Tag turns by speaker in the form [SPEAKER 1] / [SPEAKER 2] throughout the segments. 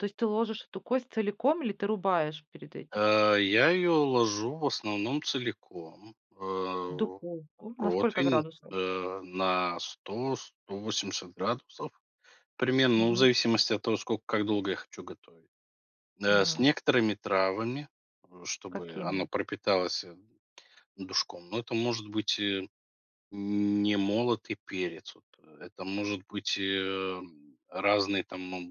[SPEAKER 1] То есть ты ложишь эту кость целиком, или ты рубаешь перед этим?
[SPEAKER 2] Э, я её ложу в основном целиком,
[SPEAKER 1] В
[SPEAKER 2] э,
[SPEAKER 1] духовку. На сколько
[SPEAKER 2] протвень,
[SPEAKER 1] градусов?
[SPEAKER 2] э, на 100-180 градусов примерно. Ну, в
[SPEAKER 1] Мгм.
[SPEAKER 2] зависимости от того, сколько как долго я хочу готовить. Э, с
[SPEAKER 1] Мгм.
[SPEAKER 2] некоторыми травами, э, чтобы она
[SPEAKER 1] Какими?
[SPEAKER 2] пропиталась, э, душком, но это может быть, э, н не молотый перец вот, э. Это может быть, э, разные там, моб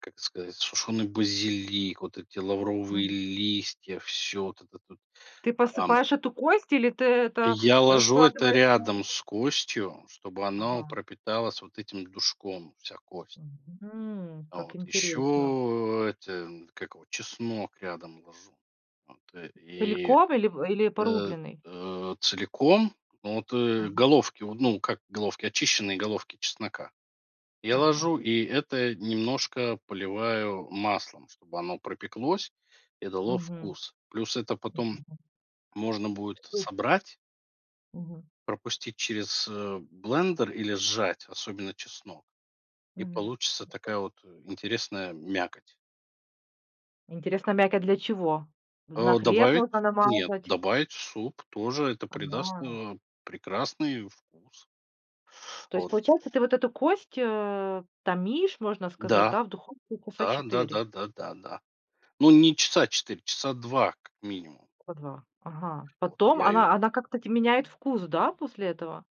[SPEAKER 2] как сказать, сушёный базилик, вот эти лавровые
[SPEAKER 1] Мгм.
[SPEAKER 2] листья, всё вот этот вот.
[SPEAKER 1] Ты
[SPEAKER 2] Ам
[SPEAKER 1] посыпаешь эту кость или ты это
[SPEAKER 2] я ложу это
[SPEAKER 1] раскладываешь на
[SPEAKER 2] рядом
[SPEAKER 1] противне.
[SPEAKER 2] с костью, чтобы оно
[SPEAKER 1] Ага.
[SPEAKER 2] пропиталась вот этим душком, вся кость.
[SPEAKER 1] Мгм, как
[SPEAKER 2] Вот.
[SPEAKER 1] интересно.
[SPEAKER 2] Ещё, э, это, как его, чеснок рядом ложу, вот. И,
[SPEAKER 1] Целиком или в или
[SPEAKER 2] э,
[SPEAKER 1] порубленный?
[SPEAKER 2] э, целиком вот, э,
[SPEAKER 1] Ага.
[SPEAKER 2] головки вот, ну, как головки- очищенные головки чеснока. Я
[SPEAKER 1] Ага.
[SPEAKER 2] ложу и это немножко поливаю маслом, чтобы оно пропеклось и дало
[SPEAKER 1] Мгм.
[SPEAKER 2] вкус. Плюс это потом
[SPEAKER 1] Мгм.
[SPEAKER 2] можно будет
[SPEAKER 1] Что.
[SPEAKER 2] собрать
[SPEAKER 1] Мгм.
[SPEAKER 2] пропустить через, э, блендер или сжать, особенно чеснок, и
[SPEAKER 1] Мгм. И
[SPEAKER 2] получится
[SPEAKER 1] что?
[SPEAKER 2] такая вот интересная мякоть.
[SPEAKER 1] Интересно, мякоть для чего? На
[SPEAKER 2] Э,
[SPEAKER 1] хлеб
[SPEAKER 2] добавить
[SPEAKER 1] можно
[SPEAKER 2] нет,
[SPEAKER 1] намазать?
[SPEAKER 2] добавить суп- тоже это придаст,
[SPEAKER 1] Ага.
[SPEAKER 2] э, прекрасный вкус.
[SPEAKER 1] То есть,
[SPEAKER 2] Вот.
[SPEAKER 1] получается, ты вот эту кость, э, томишь, можно сказать,
[SPEAKER 2] Да.
[SPEAKER 1] да, в духовке часа
[SPEAKER 2] Да да
[SPEAKER 1] 4?
[SPEAKER 2] да да да. Но не часа 4, часа 2 как минимум.
[SPEAKER 1] По 2, ага.
[SPEAKER 2] Вот.
[SPEAKER 1] Потом
[SPEAKER 2] Я её.
[SPEAKER 1] она она как-то т меняет вкус, да, после этого?